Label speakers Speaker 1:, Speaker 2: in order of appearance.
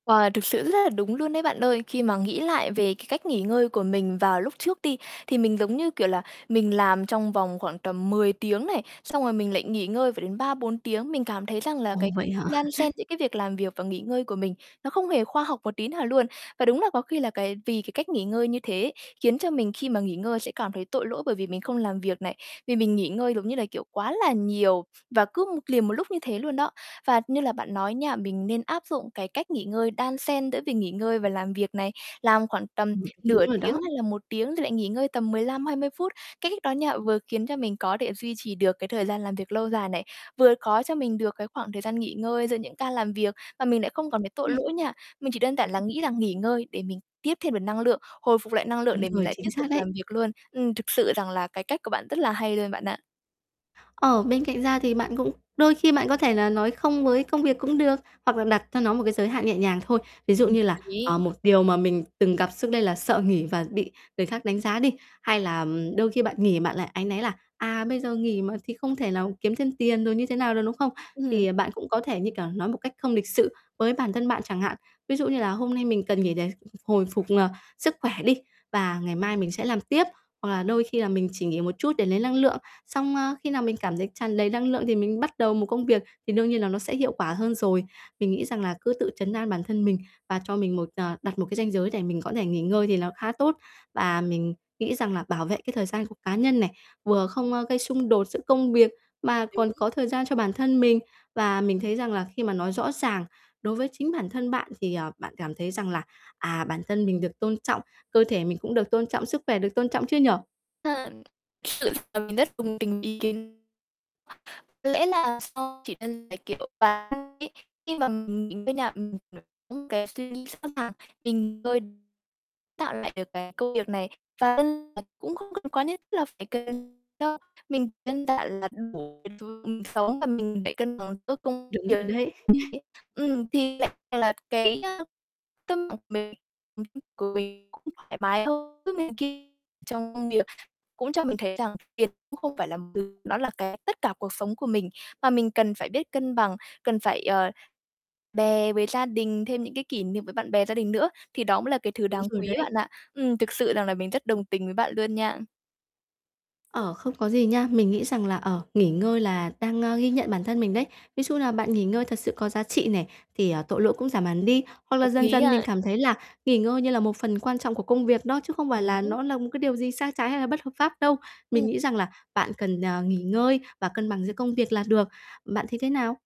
Speaker 1: Wow, thực sự rất là đúng luôn đấy bạn ơi, khi mà nghĩ lại về cái cách nghỉ ngơi của mình vào lúc trước đi, thì mình, giống như kiểu là, mình làm trong vòng khoảng tầm 10 tiếng này, xong rồi mình lại nghỉ ngơi phải đến 3-4 tiếng, mình cảm thấy rằng là cái
Speaker 2: Ồ
Speaker 1: cách
Speaker 2: vậy hả?
Speaker 1: đan xen giữa cái việc làm việc và nghỉ ngơi của mình nó không hề khoa học một tí nào luôn. Và đúng là có khi là cái vì cái cách nghỉ ngơi như thế ấy, khiến cho mình khi mà nghỉ ngơi sẽ cảm thấy tội lỗi, bởi vì mình không làm việc này, vì mình nghỉ ngơi, giống như là kiểu, quá là nhiều và cứ một liền một lúc như thế luôn đó. Và như là bạn nói nha, mình nên áp dụng cái cách nghỉ ngơi đan xen giữa việc nghỉ ngơi và làm việc này. Làm khoảng tầm
Speaker 2: Ừm, đúng
Speaker 1: nửa
Speaker 2: rồi
Speaker 1: tiếng
Speaker 2: đó.
Speaker 1: hay là 1 tiếng thì lại nghỉ ngơi tầm 15-20 phút, cái cách đó nha, vừa khiến cho mình có để duy trì được cái thời gian làm việc lâu dài này, vừa có cho mình được cái khoảng thời gian nghỉ ngơi giữa những ca làm việc, và mình lại không còn thấy tội lỗi nha. Mình chỉ đơn giản là nghĩ rằng nghỉ ngơi để mình tiếp thêm được năng lượng, hồi phục lại năng lượng
Speaker 2: Đúng
Speaker 1: để mình
Speaker 2: rồi,
Speaker 1: lại tiếp
Speaker 2: chính
Speaker 1: tục
Speaker 2: xác đấy.
Speaker 1: làm việc luôn. Ừm, thực sự rằng là cái cách của bạn rất là hay luôn bạn ạ.
Speaker 2: Ờ, bên cạnh ra thì bạn cũng đôi khi bạn có thể là nói "không" với công việc cũng được hoặc là đặt cho nó một cái giới hạn nhẹ nhàng thôi, ví dụ
Speaker 1: Ừm,
Speaker 2: như
Speaker 1: hợp
Speaker 2: là, ờ,
Speaker 1: lý.
Speaker 2: một điều mà mình từng gặp xước đây là sợ nghỉ và bị người khác đánh giá đi, hay là đôi khi bạn nghỉ bạn lại áy náy là, à, "bây giờ nghỉ mà, thì không thể nào kiếm thêm tiền" rồi như thế nào đó, đúng không?
Speaker 1: Ừm.
Speaker 2: Thì bạn cũng có thể, như kiểu, nói một cách không lịch sự với bản thân bạn chẳng hạn, ví dụ như là "Hôm nay mình cần nghỉ để hồi phục, ờ, sức khỏe đi, và ngày mai mình sẽ làm tiếp." Hoặc là "Đôi khi là mình chỉ nghỉ một chút để lấy năng lượng." Xong: "A, khi nào mình cảm thấy tràn đầy năng lượng thì mình bắt đầu một công việc, thì đương nhiên là nó sẽ hiệu quả hơn rồi." Mình nghĩ rằng là cứ tự trấn an bản thân mình, và cho mình một, ờ đặt một cái ranh giới để mình có thể nghỉ ngơi thì nó khá tốt. Và mình nghĩ rằng là bảo vệ cái thời gian của cá nhân này, vừa không, a, gây xung đột giữa công việc, mà còn có
Speaker 1: [unintelligible]
Speaker 2: thời gian cho bản thân mình. Và mình thấy rằng là khi mà nói rõ ràng đối với chính bản thân bạn thì, ờ, bạn cảm thấy rằng là, à, bản thân mình được tôn trọng, cơ thể mình cũng được tôn trọng, sức khỏe được tôn trọng chứ nhỉ?
Speaker 1: [unintelligible] Sự là mình rất đồng tình ý kiến Có lẽ là do chỉ cần là, kiểu, và [unintelligible] ấy, khi mà mình mình đó nha, ừm, những cái suy nghĩ sẵn sàng tình cơi tạo lại được cái công việc này và [unintelligible] ờ, cũng không cần quá nhất thiết là phải cần cho mình đơn giản là đủ [unintelligible] sống và mình phải cân bằng giữa công
Speaker 2: Đúng
Speaker 1: việc
Speaker 2: rồi đấy.
Speaker 1: [unintelligible] ấy. Ừm, thì lại rằng là cái, ơ, tâm [unintelligible] cũng thoải mái hơn trước này ki trong công việc cũng cho mình thấy rằng tiền cũng không phải làm từ nó là cái tất cả cuộc sống của mình. Mà mình cần phải biết cân bằng, cần phải, ờ, bè với gia đình thêm những cái kỷ niệm với bạn bè gia đình nữa thì đó mới là cái thứ
Speaker 2: Đúng
Speaker 1: đáng
Speaker 2: rồi
Speaker 1: quý
Speaker 2: đấy.
Speaker 1: bạn ạ. Ừm, thực sự rằng là mình rất đồng tình với bạn luôn nha.
Speaker 2: Ờ, không có gì nha. Mình nghĩ rằng là, ờ, nghỉ ngơi là đang, ơ, ghi nhận bản thân mình đấy. Ví dụ như là bạn nghỉ ngơi thật sự có giá trị này, thì, ờ, tội lỗi cũng giảm hẳn đi. Hoặc là
Speaker 1: Hợp
Speaker 2: dần
Speaker 1: lý
Speaker 2: dần mình
Speaker 1: ha.
Speaker 2: cảm thấy là nghỉ ngơi như là một phần quan trọng của công việc đó, chứ không phải là
Speaker 1: Đúng.
Speaker 2: nó là một cái điều gì sai trái hay là bất hợp pháp đâu. Mình
Speaker 1: Ừm.
Speaker 2: nghĩ rằng là bạn cần, ờ, nghỉ ngơi và cân bằng giữa công việc là được, bạn thấy thế nào?